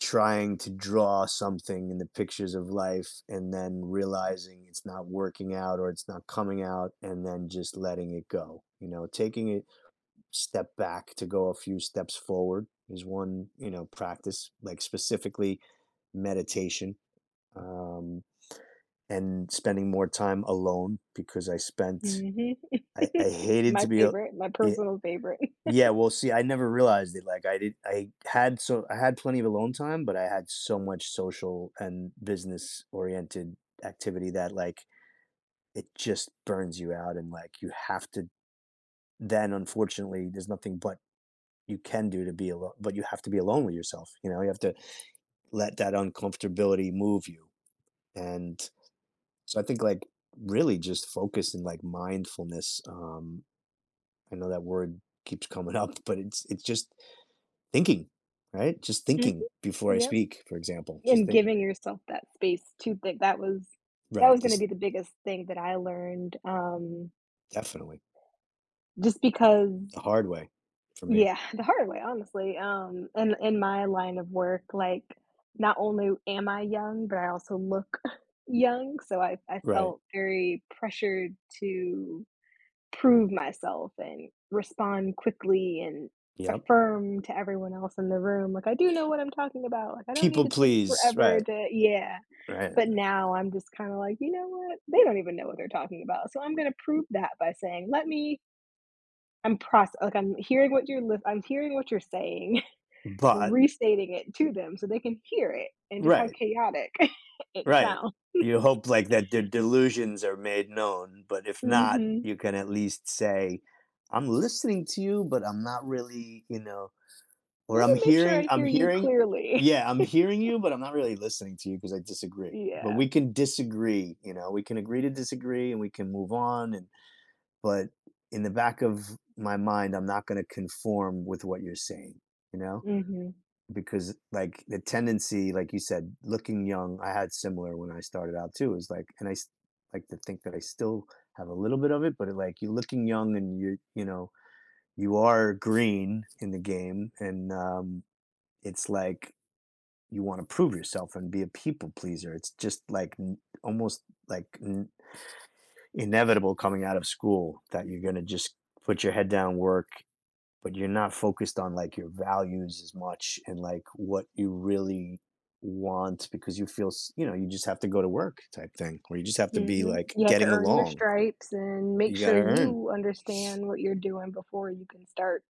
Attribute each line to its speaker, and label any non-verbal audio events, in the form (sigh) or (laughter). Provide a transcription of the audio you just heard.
Speaker 1: Trying to draw something in the pictures of life and then realizing it's not working out or it's not coming out and then just letting it go, you know, taking a step back to go a few steps forward is one, you know, practice like specifically meditation. Um, and spending more time alone because I spent
Speaker 2: Mhm.
Speaker 1: I I
Speaker 2: (chuckles)
Speaker 1: hated
Speaker 2: My
Speaker 1: to be a
Speaker 2: favorite, my
Speaker 1: it
Speaker 2: personal favorite.
Speaker 1: Yeah,
Speaker 2: (chuckles)
Speaker 1: well, see, I never realized it like I did I had so I had plenty of alone time, but I had so much social and business oriented activity that, like, it just burns you out and, like, you have to d Then unfortunately, there's nothing but you can do to be alone but you have to be alone with yourself, you know, you have to let that un-comfortability move you. And, so I think, like, really just focusing like mindfulness, um, I know that word keeps coming up, but it's it's just thinking, right? Just
Speaker 2: Mhm.
Speaker 1: thinking before I
Speaker 2: Yup.
Speaker 1: speak, for example, just
Speaker 2: And
Speaker 1: think
Speaker 2: giving yourself that space to think that was that
Speaker 1: Right,
Speaker 2: was gonna
Speaker 1: this
Speaker 2: be the biggest thing that I learned, um
Speaker 1: Definitely.
Speaker 2: Just because
Speaker 1: The hard way for me.
Speaker 2: Yeah, the hard way, honestly. Um, in in my line of work, like, not only am I young, but I also look (chuckles) young, so I I
Speaker 1: Right.
Speaker 2: felt very pressured to prove myself and respond quickly and
Speaker 1: Yep.
Speaker 2: affirm to everyone else in the room, like, "I do know what I'm talking about, like I don't need
Speaker 1: People
Speaker 2: to take
Speaker 1: please,
Speaker 2: forever
Speaker 1: right.
Speaker 2: to" Yeah,
Speaker 1: Right.
Speaker 2: but now I'm just kinda like, "You know what, they don't even know what they're talking about." So I'm gonna prove that by saying, "Let me" I'm proc like I'm hearing what you're l I'm hearing what you're saying, (chuckles)
Speaker 1: But
Speaker 2: restating it to them so they can hear it and just how
Speaker 1: Right.
Speaker 2: chaotic (chuckles) it
Speaker 1: Right.
Speaker 2: sounds.
Speaker 1: You hope like that the delusions are made known, but if not,
Speaker 2: Mhm.
Speaker 1: you can at least say, "I'm listening to you, but I'm not really, you know, or
Speaker 2: Let me
Speaker 1: I'm
Speaker 2: make sure
Speaker 1: hearing
Speaker 2: I
Speaker 1: I'm
Speaker 2: hear you
Speaker 1: hearing
Speaker 2: clearly.
Speaker 1: yeah, I'm hearing
Speaker 2: (chuckles)
Speaker 1: you, but I'm not really listening to you 'cause I disagree. But
Speaker 2: Yeah.
Speaker 1: we can disagree, you know? We can agree to disagree and we can move on." And, but in the back of my mind, I'm not gonna conform with what you're saying, you know.
Speaker 2: Mhm.
Speaker 1: Because like the tendency, like you said, looking young, I had similar when I started out too is like, and I s like to think that I still have a little bit of it, but, like, you're looking young and you're, you know, you are green in the game and, um, it's like, you wanna prove yourself and be a people pleaser. It's just like n almost like n inevitable coming out of school that you're gonna just put your head down, work, but you're not focused on like your values as much and like what you really want because you feel, s you know, you just have to go to work type thing. Or you just have to be
Speaker 2: Mhm.
Speaker 1: like
Speaker 2: You have to
Speaker 1: getting
Speaker 2: earn your
Speaker 1: along.
Speaker 2: stripes and make
Speaker 1: You
Speaker 2: sure
Speaker 1: gotta earn.
Speaker 2: you understand what you're doing before you can start.